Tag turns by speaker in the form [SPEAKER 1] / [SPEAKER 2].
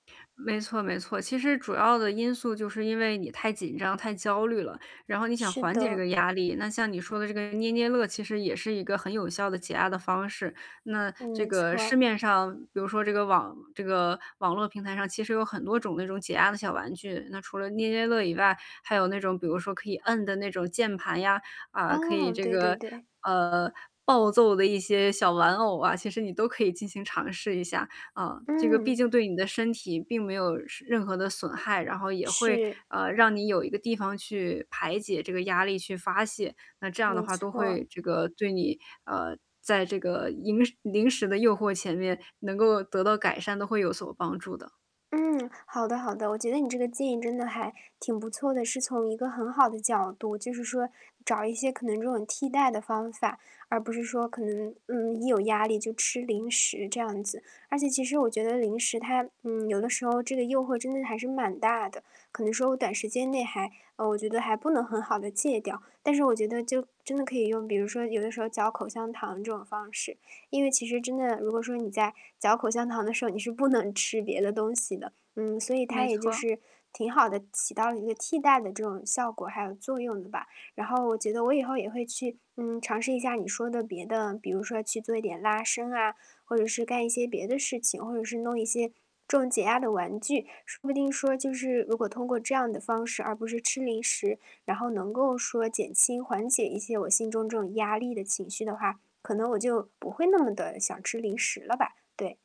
[SPEAKER 1] 没错，没错，其实主要的因素就是因为你太紧张、太焦虑了，然后你想
[SPEAKER 2] 是
[SPEAKER 1] 缓解这
[SPEAKER 2] 的。
[SPEAKER 1] 个压力，那像你说的这个捏捏乐，其实也是一个很有效的减压的方式，那这
[SPEAKER 2] 没错
[SPEAKER 1] 个
[SPEAKER 2] 儿。
[SPEAKER 1] 市面上比如说这个网这个网络平台上其实有很多种那种解压的小玩具，那除了捏捏乐以外，还有那种比如说可以摁的那种键盘呀，啊，可以
[SPEAKER 2] 哦，
[SPEAKER 1] 这
[SPEAKER 2] 对对
[SPEAKER 1] 个
[SPEAKER 2] 对。
[SPEAKER 1] 呃，暴揍的一些小玩偶啊，其实你都可以进行尝试一下。啊，这个毕
[SPEAKER 2] 嗯。
[SPEAKER 1] 竟对你的身体并没有什任何的损害，然后也会，
[SPEAKER 2] 是。
[SPEAKER 1] 呃，让你有一个地方去排解这个压力，去发泄，那这样的
[SPEAKER 2] 没
[SPEAKER 1] 话都
[SPEAKER 2] 错儿。
[SPEAKER 1] 会这个对你呃，在这个银时零食的诱惑前面能够得到改善，都会有所帮助的。
[SPEAKER 2] 嗯，好的，好的，我觉得你这个建议真的还挺不错的，是从一个很好的角度，就是说找一些可能这种替代的方法，而不是说可能，嗯，一有压力就吃零食，这样子。而且其实我觉得零食它嗯，有的时候这个诱惑真的还是蛮大的，可能说我短时间内还呃，我觉得还不能很好地戒掉，但是我觉得就真的可以用比如说有的时候嚼口香糖这种方式，因为其实真的如果说你在嚼口香糖的时候，你是不能吃别的东西的。嗯，所以它
[SPEAKER 1] 没
[SPEAKER 2] 也就
[SPEAKER 1] 错。
[SPEAKER 2] 是挺好地起到了一个替代的这种效果还有作用的吧。然后我觉得我以后也会去，嗯，尝试一下你说的别的比如说去做一点拉伸啊，或者是干一些别的事情，或者是弄一些这种解压的玩具，说不定说就是如果通过这样的方式，而不是吃零食，然后能够说减轻、缓解一些我心中这种压力的情绪的话，可能我就不会那么地想吃零食了吧。对。